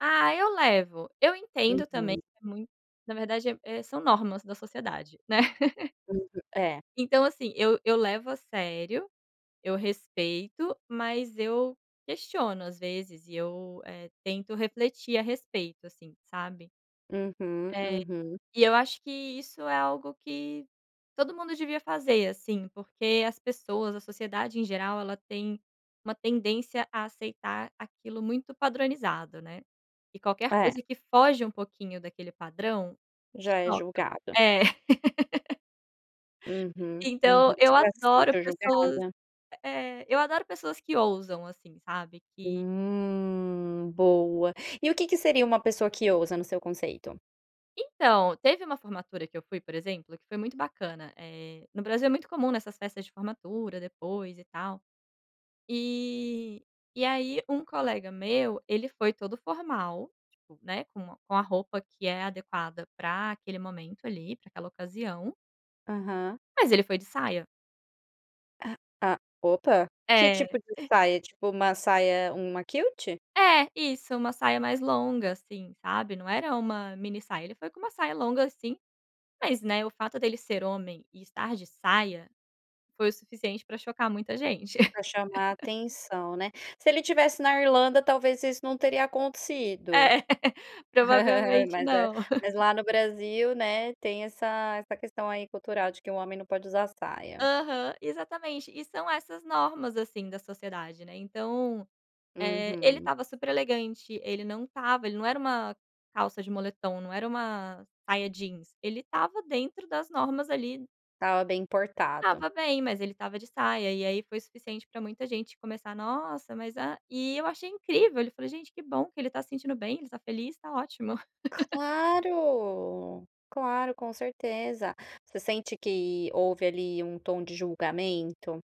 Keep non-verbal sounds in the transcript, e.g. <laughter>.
Ah eu levo, eu entendo também, Uhum. é muito na verdade, é é são normas da sociedade, né. <chuckles> Uhum, é. Então, assim, eu eu levo a sério, eu respeito, mas eu questiono às vezes e eu, eh, tento refletir a respeito, assim, sabe. Uhum, É, uhum. e eu acho que isso é algo que todo mundo devia fazer, assim, porque as pessoas, a sociedade em geral ela tem uma tendência a aceitar aquilo muito padronizado, né. E qualquer É. coisa que foge um pouquinho daquele padrão, Já é choca, julgado. é. <laughs> Uhum, uhum. Então eu Você já adoro sentiu pessoas julgada? eh, eu adoro pessoas que ousam assim sabe que Hum, boa. E o que que seria uma pessoa que ousa no seu conceito? Então, teve uma formatura que eu fui, por exemplo, que foi muito bacana, eh, no Brasil é muito comum, né, essas festas de formatura depois e tal. Eh, e aí um colega meu ele foi todo formal, tipo, né, com uma com a roupa que é adequada pra aquele momento ali pra aquela ocasião Aham. mas ele foi de saia. Ah, a opa. Que É. tipo de saia, tipo uma saia, uma kilt? É isso, uma saia mais longa, assim, sabe, não era uma mini saia. Ele foi com uma saia longa, assim, mas, né, o fato dele ser homem e estar de saia foi o suficiente pra chocar muita gente. Pra chamar <laughs> atenção, né. Se ele estivesse na Irlanda talvez isso não teria É, acontecido. <laughs> <laughs> provavelmente Mas é não. mas <chuckles> lá no Brasil, né, tem essa essa questão aí cultural de que o homem não pode usar saia. Aham, exatamente. E são essas normas, assim, da sociedade, né. Então, eh, ele Uhum. estava super elegante, ele não estava ele não era uma calça de moletom, não era uma saia jeans, ele estava dentro das normas ali. Estava bem portado. Estava bem, mas ele estava de saia e aí foi suficiente pra muita gente começar: "Nossa mas a" E eu achei incrível, ele falou: "Gente que bom que ele tá se sentindo bem, tá feliz, tá ótimo". <laughs> Claro, claro com certeza. Você sente que houve ali um tom de julgamento?